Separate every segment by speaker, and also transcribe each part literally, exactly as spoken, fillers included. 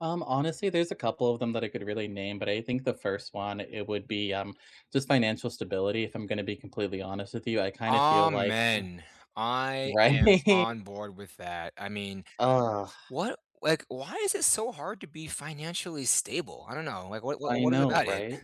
Speaker 1: Um, honestly, there's a couple of them that I could really name, but I think the first one it would be, um, just financial stability, if I'm gonna be completely honest with you, I kind of feel like ugh
Speaker 2: Amen. I am
Speaker 1: right?
Speaker 2: on board with that, I mean,
Speaker 1: Ugh.
Speaker 2: what like, why is it so hard to be financially stable? I don't know, like, what what
Speaker 1: I
Speaker 2: what is
Speaker 1: know,
Speaker 2: about it?
Speaker 1: right?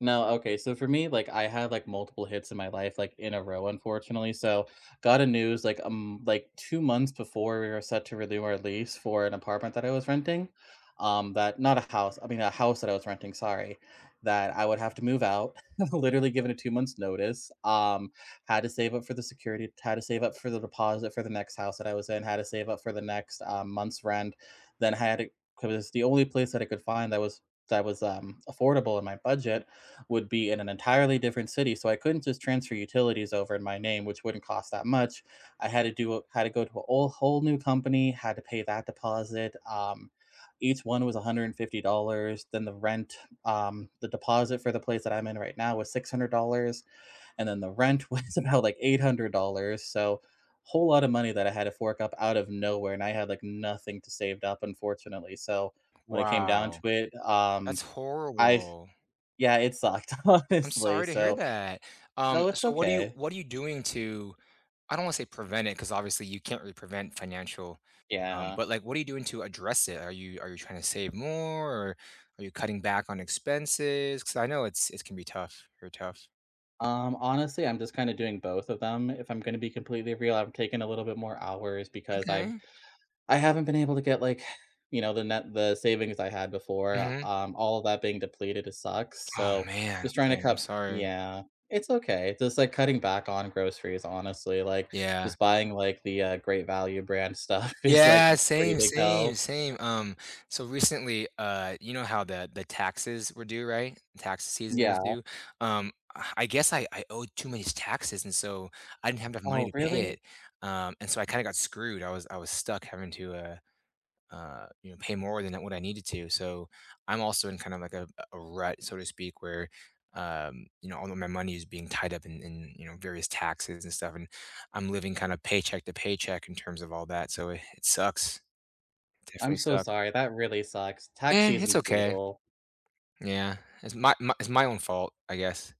Speaker 1: No, okay, so, for me, like, I had, like, multiple hits in my life, like, in a row, unfortunately so, got a news like a m like two months before we were set to renew our lease for an apartment that I was renting, um, that not a house, I mean a house that I was renting, sorry, that I would have to move out, literally given a two months notice, um, had to save up for the security, had to save up for the deposit for the next house that I was in, had to save up for the next, uh, month's rent. Then I had to 'cause the only place that I could find that was that was, um, affordable in my budget would be in an entirely different city, so, I couldn't just transfer utilities over in my name, which wouldn't cost that much. I had to do a had to go to a whole new company, had to pay that deposit, um, each one was a hundred fifty dollars, then the rent, um, the deposit for the place that I'm in right now was six hundred dollars, and then the rent was about, like, eight hundred dollars. So, whole lotta money that I had to fork up out of nowhere, and I had, like, nothing to saved up, unfortunately so, when it came down to
Speaker 2: Wow!
Speaker 1: it, um,
Speaker 2: That's
Speaker 1: I
Speaker 2: horrible.
Speaker 1: yeah. It sucked,
Speaker 2: I'm
Speaker 1: honestly.
Speaker 2: sorry to hear
Speaker 1: So
Speaker 2: that, um,
Speaker 1: no, it's
Speaker 2: so, what are you
Speaker 1: okay.
Speaker 2: what are you doing to I don't wanna say prevent it 'cause, obviously, you can't really prevent financial, um
Speaker 1: Yeah.
Speaker 2: but, like, what are you doing to address it? Are you are you trying to save more, or are you cutting back on expenses? 'Cause I know it's it's gonna be tough, very tough.
Speaker 1: Um, honestly, I'm just kinda doing both of them. If I'm gonna be completely real, I'm taking a little bit more hours because I've
Speaker 2: Okay.
Speaker 1: I haven't been able to get, like, you know, the net the savings I had before,
Speaker 2: Mhm.
Speaker 1: um, all of that being depleted sucks,
Speaker 2: Oh,
Speaker 1: so,
Speaker 2: man.
Speaker 1: just trying to
Speaker 2: Okay, I'm
Speaker 1: cut
Speaker 2: sorry.
Speaker 1: yeah, it's okay, just like cutting back on groceries, honestly, like,
Speaker 2: Yeah.
Speaker 1: just buying, like, the, uh, Great Value brand stuff is, like,
Speaker 2: Yeah,
Speaker 1: pretty
Speaker 2: same,
Speaker 1: big
Speaker 2: same,
Speaker 1: help.
Speaker 2: same, um, so, recently, uh, you know how the the taxes were due, right? Tax season was
Speaker 1: Yeah.
Speaker 2: due, um, I guess I I owed too many taxes, and so, I didn't have enough money
Speaker 1: Oh,
Speaker 2: to pay
Speaker 1: really?
Speaker 2: it, uh, and so, I kinda got screwed, I was I was stuck having to, uh, uh, you know, pay more than what I needed to so, I'm also in kind of like a a rut, so to speak, where, um, you know, all of my money is being tied up in in, you know, various taxes and stuff, and I'm living kinda paycheck to paycheck in terms of all that, so it sucks.
Speaker 1: I'm
Speaker 2: Definitely
Speaker 1: so
Speaker 2: suck.
Speaker 1: sorry, that really sucks, tax
Speaker 2: Yeah, it's
Speaker 1: season's
Speaker 2: okay.
Speaker 1: brutal.
Speaker 2: Yeah, it's my my it's my own fault, I guess.